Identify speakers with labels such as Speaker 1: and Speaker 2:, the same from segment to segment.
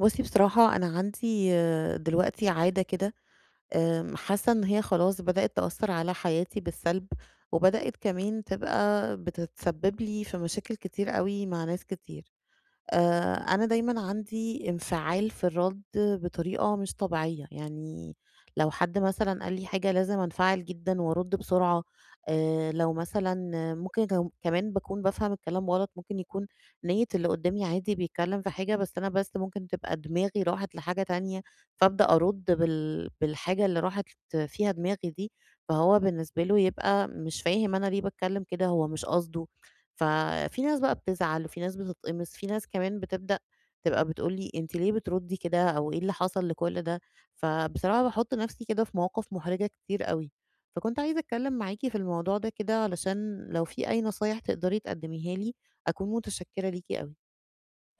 Speaker 1: بُصّي بصراحة، أنا عندي دلوقتي عادة كده آمم، حاسة إن هي خلاص بدأت تأثر على حياتي بالسلب، وبدأت كمان تبقى بتتسبب لي في مشاكل كتير أوي مع ناس كتير، آآ، أنا دايمًا عندي انفعال في الرد بطريقة مش طبيعية، يعني لو حد مثلًا قال لي حاجة لازم أنفعل جدًا وارد بسرعة، آآ، لو مثلًا ممكن كم كمان باكون بافهم الكلام غلط، ممكن يكون نية اللي قدامي عادي بيتكلم في حاجة، بس أنا بس ممكن تبقى دماغي راحت لحاجة تانية، فابدأ أرد بال بالحاجة اللي راحت فيها دماغي دي، فهو بالنسبة له يبقى مش فاهم أنا ليه باتكلم كده، هو مش قصده، ففي ناس بقى بتزعل، وفي ناس بتتقمص، في ناس كمان بتبدأ تبقى بتقول لي أنتِ ليه بتردي كده، أو إيه اللي حصل لكُلّ ده؟ فبصراحة باحط نَفسي كده في مواقف محرجة كتير أوي. فكنت عايزة أتكلم معاكِ في الموضوع ده كده علشان لو في أي نصايح تقدري تقدميها لي أكون متشكرة ليكِ أوي.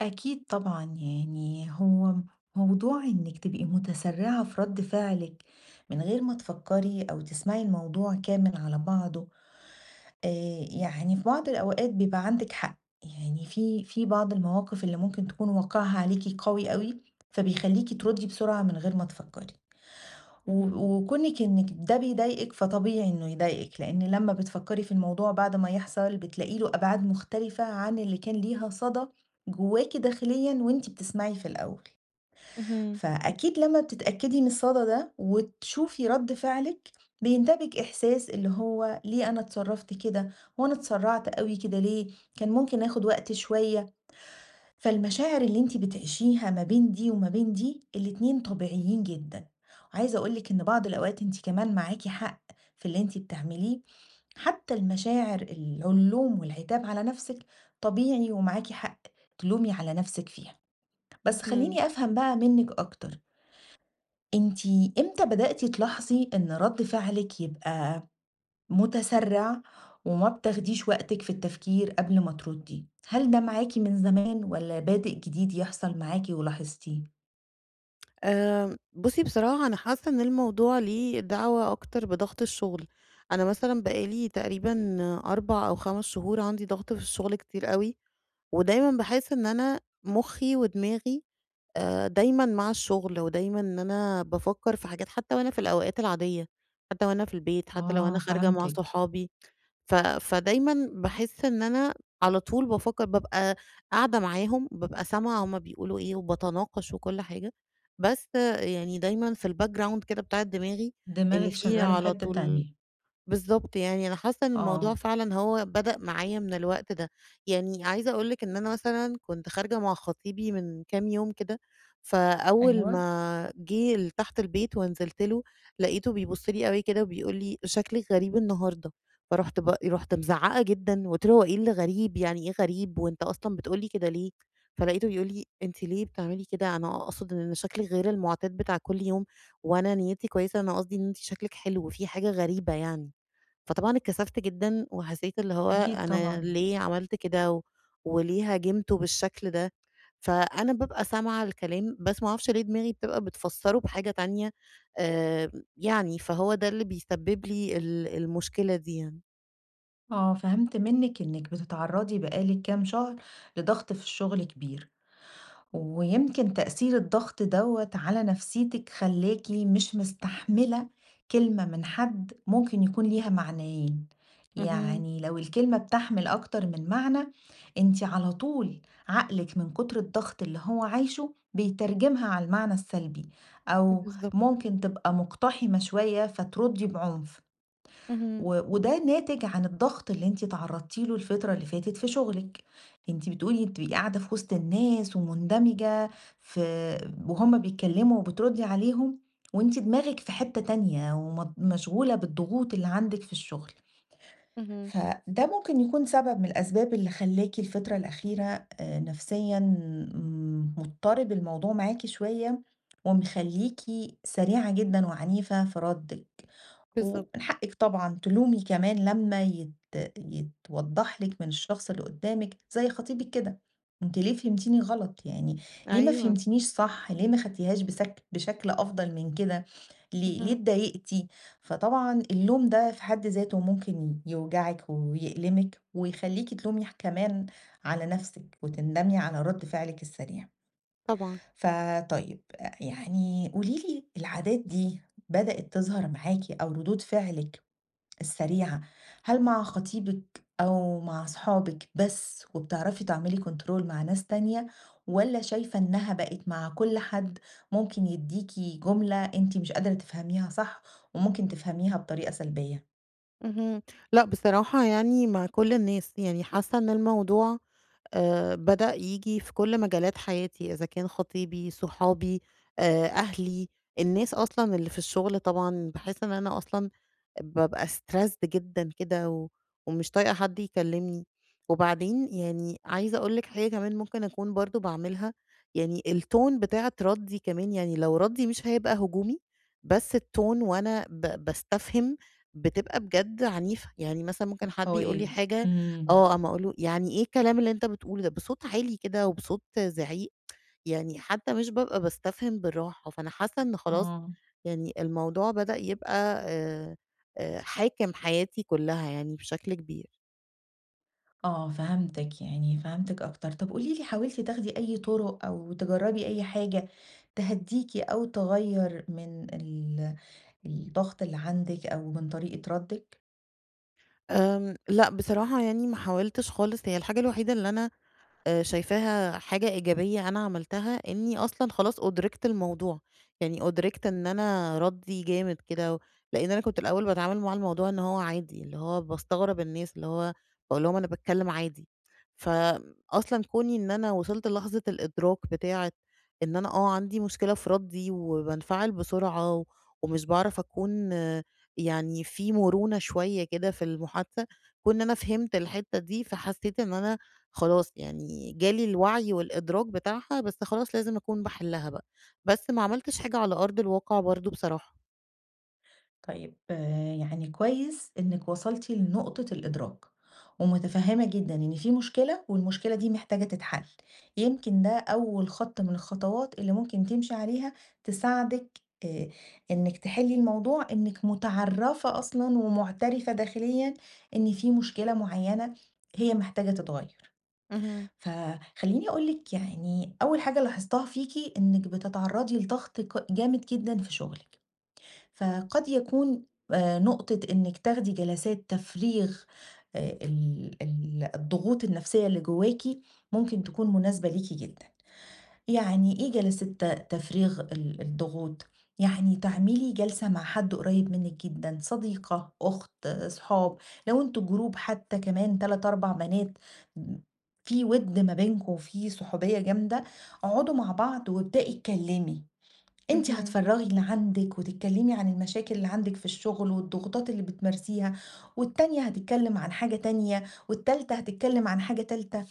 Speaker 2: أكيد طبعًا، يعني هو موضوع إنِك تبقي متسرعة في رد فعلِك من غير ما تفكري، أو تسمعي الموضوع كامل على بعضه، آآ، يعني في بعض الأوقات بيبقى عندِك حق، يعني في في بعض المواقف اللي ممكن تكون واقعها عليكِ قوي أوي، فبيخليكِ تردي بسرعة من غير ما تفكري، و
Speaker 1: اهم.
Speaker 2: وكونِك إنِك ده بيضايقِك فطبيعي إنه يضايقِك، لأن لمّا بتفكري في الموضوع بعد ما يحصل بتلاقي له أبعاد مختلفة عن اللي كان ليها صدى جواكِ داخليًا، وأنتِ بتسمعي في الأول،
Speaker 1: اهم.
Speaker 2: فأكيد لمّا بتتأكدي من الصدى ده وتشوفي رد فعلِك بينتابِك إحساس اللي هو: ليه أنا اتصرفت كده، وأنا اتسرعت أوي كده ليه؟ كان ممكن آخد وقت شويّة. فالمشاعر اللي أنتِ بتعيشيها ما بين دي وما بين دي، الاتنين طبيعيين جدًا، وعايزة أقول لِك إن بعض الأوقات أنتِ كمان معاكِ حق في اللي أنتِ بتعمليه، حتّى المشاعر ال اللوم والعتاب على نَفسِك طبيعي ومعاكِ حق، تلومي على نَفسِك فيها، بس
Speaker 1: اهم.
Speaker 2: خليني أفهم بقى منكِ أكتر أنتِ إمتى بدأتِ تلاحظي إن رد فعلِك يبقى متسرع وما بتاخديش وقتِك في التفكير قبل ما تردي؟ هل ده معاكِ من زمان، والّا بادئ جديد يحصل معاكِ ولاحظتيه؟
Speaker 1: آآ، بُصّي بصراحة، أنا حاسّة إن الموضوع ليه دعوة أكتر بضغط الشغل، أنا مثلًا بقى لي تقريبًا 4 أو 5 شهور عندي ضغط في الشغل كتير أوي، ودايمًا باحس إن أنا مُخّي ودماغي آآ، دايمًا مع الشغل، ودايمًا إن أنا بافكّر في حاجات حتّى وأنا في الأوقات العاديّة، حتّى لو أنا في البيت، حتّى لو
Speaker 2: آه
Speaker 1: أنا خارجة مع
Speaker 2: فهمتِك.
Speaker 1: صحابي، ف فدايمًا باحس إن أنا على طول بافكّر، بابقى قاعدة معاهم، بابقى سامعة هُم بيقولوا إيه، وباتناقش وكُلّ حاجة، بس يعني دايمًا في الbackground كده بتاعة دماغي إن
Speaker 2: دماغِك
Speaker 1: في
Speaker 2: شغالة في
Speaker 1: على
Speaker 2: حتّة
Speaker 1: طول
Speaker 2: تانية.
Speaker 1: بالضبط، يعني أنا حاسّة إن
Speaker 2: آه.
Speaker 1: الموضوع فعلًا هو بدأ معايا من الوقت ده، يعني عايزة أقول لِك إن أنا مثلًا كنت خارجة مع خطيبي من كام يوم كده، فأول
Speaker 2: أيوه.
Speaker 1: ما جه لتحت البيت ونزلت له، لقيته بيبص لي أوي كده وبيقول لي: "شكلِك غريب النهارده"، فرُحت ب رُحت مزعقة جدًا، قُلت له: "هو إيه اللي غريب؟ يعني إيه غريب! وأنت أصلًا بتقول لي كده ليه؟" فلقيته بيقول لي: "أنتِ ليه بتعملي كده؟ أنا أقصد إن شكلِك غير المعتاد بتاع كُلّ يوم، وأنا نيّتي كويسة، أنا قصدي إن أنتِ شكلِك حلو في حاجة غريبة يعني"، فطبعًا اتكسفت جدًا، وحسّيت اللي هو
Speaker 2: أكيد
Speaker 1: أنا
Speaker 2: طبعًا.
Speaker 1: ليه عملت كده، و وليه هاجمته بالشكل ده؟ فأنا بابقى سامعة الكلام، بس ما اعرفش ليه دماغي بتبقى بتفسره بحاجة تانية، آآ، يعني فهو ده اللي بيسبب لي ال المشكلة دي يعني.
Speaker 2: آه، فهمت منِك إنِك بتتعرضي بقى لِك كام شهر لضغط في الشغل كبير، ويمكن تأثير الضغط دَوّة على نفسيتِك خلّاكِ مش مستحملة كلمة من حد ممكن يكون ليها معنيين،
Speaker 1: اهم.
Speaker 2: يعني لو الكلمة بتحمل أكتر من معنى أنتِ على طول عقلِك من كتر الضغط اللي هو عايشه بيترجمها على المعنى السلبي، أو
Speaker 1: بالضبط.
Speaker 2: ممكن تبقى مقتحمة شويّة فتردّي بعنف،
Speaker 1: اهم.
Speaker 2: و وده ناتج عن الضغط اللي أنتِ اتعرضتِ له الفترة اللي فاتت في شغلِك، أنتِ بتقولي بتبقي قاعدة في وسط الناس ومندمجة في وهُم بيتكلموا وبتردي عليهم وأنتِ دماغِك في حتة تانية ومض مشغولة بالضغوط اللي عندِك في الشغل.
Speaker 1: اهم.
Speaker 2: فده ممكن يكون سبب من الأسباب اللي خلّاكِ الفترة الأخيرة آآ، نفسيًا مضطرب الموضوع معاكِ شويّة ومخليكِ سريعة جدًا وعنيفة في ردِك، ومن
Speaker 1: بالضبط.
Speaker 2: حقِك طبعًا تلومي كمان لمّا يت يتوضح لِك من الشخص اللي قدامِك، زي خطيبِك كده، أنتِ ليه فهمتيني غلط، يعني ليه ما
Speaker 1: أيوه.
Speaker 2: فهمتنيش صح، ليه ما خدتيهاش بسك بشكل أفضل من كده، ليه ليه
Speaker 1: اهم.
Speaker 2: اتضايقتي. فطبعًا اللوم ده في حد ذاته ممكن يوجعِك ويألمِك ويخلّيكِ تلومي كمان على نَفسِك وتندمي على رد فعلِك السريع.
Speaker 1: طبعًا.
Speaker 2: فطيب، يعني قولي لي، العادات دي بدأت تظهر معاكِ أو ردود فعلِك السريعة هل مع خطيبِك أو مع صحابِك بس وبتعرفي تعملي كنترول مع ناس تانية، والّا شايفة إنها بقِت مع كُلّ حد ممكن يديكِ جملة أنتِ مش قادرة تفهميها صح وممكن تفهميها بطريقة سلبية؟
Speaker 1: اهم، لأ، بصراحة يعني مع كُلّ الناس، يعني حاسَّة إنّ الموضوع آآ بدأ ييجي في كُلّ مجالات حياتي، إذا كان خطيبي صُحابي آآ أهلي، النّاس أصلاً اللّي في الشُّغل طبعًا باحِسّ إن أنا أصلًا بابقى Stressed جدًا كده، و ومش طايقة حدّ يكلِّمني، وبعدين يعني عايزة أقول لِك حاجة كمان ممكن أكُون برضه باعملها، يعني الTone بتاعة ردِّي كمان، يعني لو ردّي مش هيبقى هجومي، بس الTone وأنا ب باستفهم بتبقى بجد عنيفة، يعني مثلًا ممكن
Speaker 2: أ
Speaker 1: حد يقول لي
Speaker 2: قوية
Speaker 1: حاجة
Speaker 2: امم.
Speaker 1: آه، أقوم أقول له يعني إيه الكلام اللّي أنت بتقوله ده! بصوت عالي كده، وبصوت زِعيق، يعني حتى مش بابقى باستفهٍم بالرّاحة، فأنا حاسّة إن خلاص
Speaker 2: آه.
Speaker 1: يعني الموضوع بدأ يبقى آآ آآ حاكم حياتي كُلّها يعني بشكل كبير.
Speaker 2: آه، فَهمتِك، يعني فَهمتِك أكتر طب قولي لي حاولتِ تاخدي أي طُرق، أو تجرّبي أي حاجة تهدّيكِ أو تغيّر من ال الضغط اللّي عندِك أو من طريقة ردِّك؟
Speaker 1: آمم، لأ بصراحة يعني ما حاولتش خالص، هي الحاجة الوحيدة اللي أنا آآ شايفاها حاجة إيجابية أنا عملتها إني أصلًا خلاص أُدرِكت الموضوع، يعني أُدرِكت إن أنا ردي جامد كده، لأن أنا كنت الأول باتعامل مع الموضوع إن هو عادي اللي هو باستغرب الناس اللي هو، باقول لهم أنا باتكلم عادي. ف أصلًا كوني إن أنا وصلت للحظة الإدراك بتاعة إن أنا آه عندي مشكلة في ردي وبانفعل بسرعة ومش باعرف أكون يعني في مرونة شوية كده في المحادثة، كون إن أنا فهمت الحتة دي فحسيت إن أنا خلاص يعني جالي الوعي والإدراك بتاعها بس خلاص لازم أكون باحلها بقى، بس ما عملتش حاجة على أرض الواقع برضه بصراحة.
Speaker 2: طيب يعني كويس إنِك وصلتِ لنقطة الإدراك، ومُتفهمة جدًا إن في مشكلة والمشكلة دي محتاجة تتحل، يمكن ده أول خط من الخطوات اللي ممكن تمشي عليها تساعدِك آآ إنِك تحِلي الموضوع إنِك مُتعرَفَة أصلًا ومُعتَرِفَة داخليًا إن في مشكلة مُعيّنة هي محتاجة تتغير.
Speaker 1: اهم.
Speaker 2: فخلّيني أقول لِك يعني أول حاجة لاحظتها فيكِ إنِك بتتعرضي لضغط ك جامد جدًا في شغلِك، فقد يكون آآ نقطة إنِك تاخدي جلسات تفريغ ال ال الضغوط النفسية اللي جواكِ ممكن تكون مناسبة ليكِ جدًا. يعني إيه جلسات تفريغ ال الضغوط؟ يعني تعملي جلسة مع حد قريب منِك جدًا، صديقة، أُخت، صحاب، لو أنتم جروب حتى كمان 3، 4 بنات في وِد ما بينكم وفي صحوبية جامدة، اقعدوا مع بعض وابدئي اتكلمي، أنتِ
Speaker 1: اهم.
Speaker 2: هتفرغي اللي عندِك وتتكلمي عن المشاكل اللي عندِك في الشغل والضغوطات اللي بتمارسيها والتانية هتتكلم عن حاجة تانية والتالتة هتتكلم عن حاجة تالتة،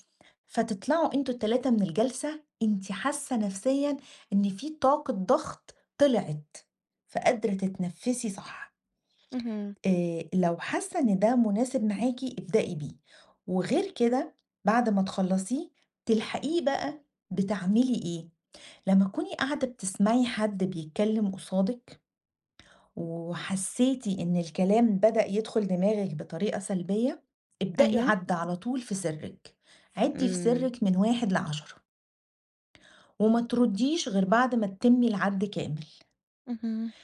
Speaker 2: فتطلعوا أنتم ال3 من الجلسة، أنتِ حاسة نفسيًا إن في طاقة ضغط طلعِت. فقادرة تتنفسي صح.
Speaker 1: اهم.
Speaker 2: آآ لو حاسة إن ده مناسب معاكِ ابدئي بيه، وغير كده بعد ما تخلصيه تلحقيه بقى بتعملي إيه، لمّا تكوني قاعدة بتسمعي حد بيتكلم قصادِك وحسيتِ إن الكلام بدأ يدخل دماغِك بطريقة سلبية، ابدئي
Speaker 1: أيوه.
Speaker 2: عد على طول في سرِّك. عِدّي في
Speaker 1: إمم.
Speaker 2: سرِّك من 1 ل10. وما ترُديش غير بعد ما تتمي العَد كامل.
Speaker 1: اهم.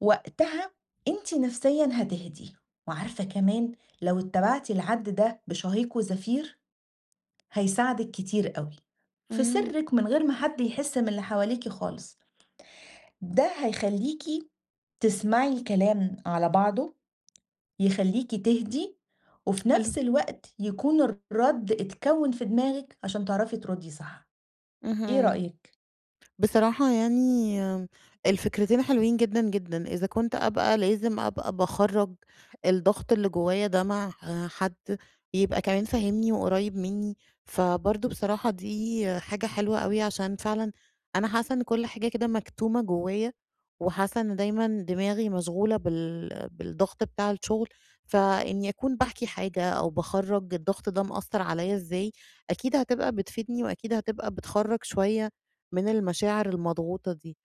Speaker 2: وقتها أنتِ نفسيًا هتهدي، وعارفة كمان لو اتبعتِ العَد ده بشهيق وزفير، هيساعدِك كتير أوي. في
Speaker 1: اهم.
Speaker 2: سرِّك من غير ما حد يحس من اللي حواليكِ خالص. ده هيخلّيكِ تسمعي الكلام على بعضه، يخلّيكِ تهدي وفي
Speaker 1: حلو.
Speaker 2: نفس الوقت يكون الرد اتكوِّن في دماغِك عشان تعرفي ترُدي صح. إيه
Speaker 1: اهم.
Speaker 2: رأيِك؟
Speaker 1: بصراحة يعني الفكرتين حلوين جدًا جدًا، إذا كنت أبقى لازم أبقى باخرَّج الضغط اللي جوايا ده مع حد يبقى كمان فاهمني وقريب منّي، فبرضه بصراحة دي حاجة حلوة أوي عشان فعلًا أنا حاسة إن كل حاجة كده مكتومة جوايا وحاسة إن دايمًا دماغي مشغولة بال بالضغط بتاع الشغل، فإني أكون باحكي حاجة أو باخرَّج الضغط ده مأثر عليَّ إزاي، أكيد هتبقى بتفيدني وأكيد هتبقى بتخرَّج شوية من المشاعر المضغوطة دي.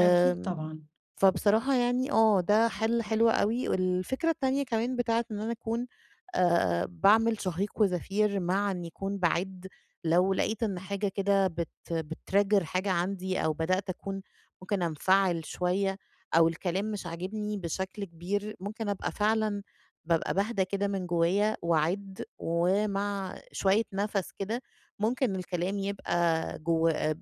Speaker 2: أكيد طبعًا.
Speaker 1: فبصراحة يعني آه ده حل حلو أوي، والفكرة التانية كمان بتاعة إن أنا أكون آآ باعمل شهيق وزفير مع إن يكون باعِدّ، لو لقيت إن حاجة كده بت بتtrigger حاجة عندي أو بدأت أكون ممكن أنفعل شوية أو الكلام مش عاجبني بشكل كبير ممكن أبقى فعلًا بابقى باهدا كده من جوايا وأعِدّ ومع شوية نَفَس كده ممكن الكلام يبقى جوّ م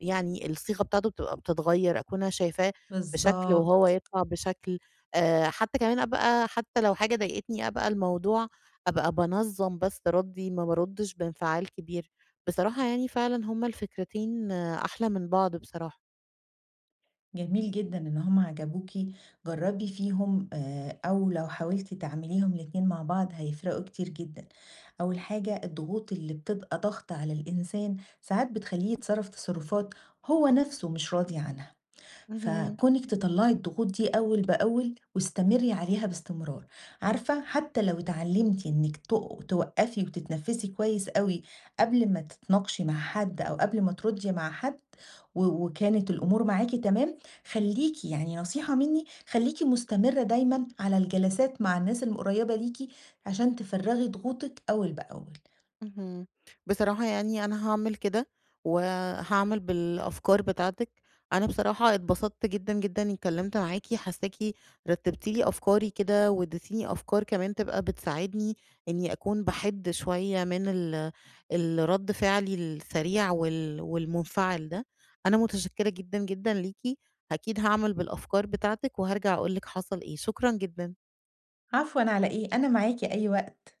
Speaker 1: يعني الصيغة بتاعته بتبقى بتتغير، أكون أنا شايفاه بشكل وهو
Speaker 2: بالضبط.
Speaker 1: يطلع بشكل، آآ حتى كمان أبقى حتى لو حاجة ضايقتني أبقى الموضوع أبقى بانظم بس ردي، ما بارُدش بإنفعال كبير. بصراحة يعني فعلًا هما الفكرتين أحلى من بعض بصراحة.
Speaker 2: جميل جدًا إن هُم عجبوكِ، جربي فيهم آآ، أو لو حاولتِ تعمليهم الاتنين مع بعض هيفرقوا كتير جدًا، أول حاجة الضغوط اللي بتبقى ضاغطة على الإنسان، ساعات بتخليه يتصرف تصرفات هو نَفسه مش راضي عنها،
Speaker 1: اهم.
Speaker 2: فكونِك تطلّعي الضغوط دي أول بأول واستمري عليها باستمرار، عارفة حتّى لو اتعلمتِ إنِك ت توقّفي وتتنفسي كويس أوي قبل ما تتناقشي مع حد أو قبل ما تردي مع حد، و وكانت الأمور معاكِ تمام، خليكِ يعني نصيحة مِنّي، خليكِ مستمرة دايمًا على الجلسات مع الناس القريّبة ليكِ عشان تفرّغي ضغوطِك أول بأول.
Speaker 1: اهم، بصراحة يعني أنا هاعمل كده وهاعمل بالأفكار بتاعتِك، أنا بصراحة اتبسطت جدًا جدًا إني اتكلمت معاكِ، حاساكِ رتبتِ لي أفكاري كده واديتيني أفكار كمان تبقى بتساعدني إني أكون بَحِد شوية من ال الرد فعلي السريع وال والمنفعل ده، أنا متشكرة جدًا جدًا ليكِ، أكيد هاعمل بالأفكار بتاعتِك وارجع أقول لِك حصل إيه، شكرًا جدًا.
Speaker 2: عفوًا على إيه، أنا معاكِ أي وقت.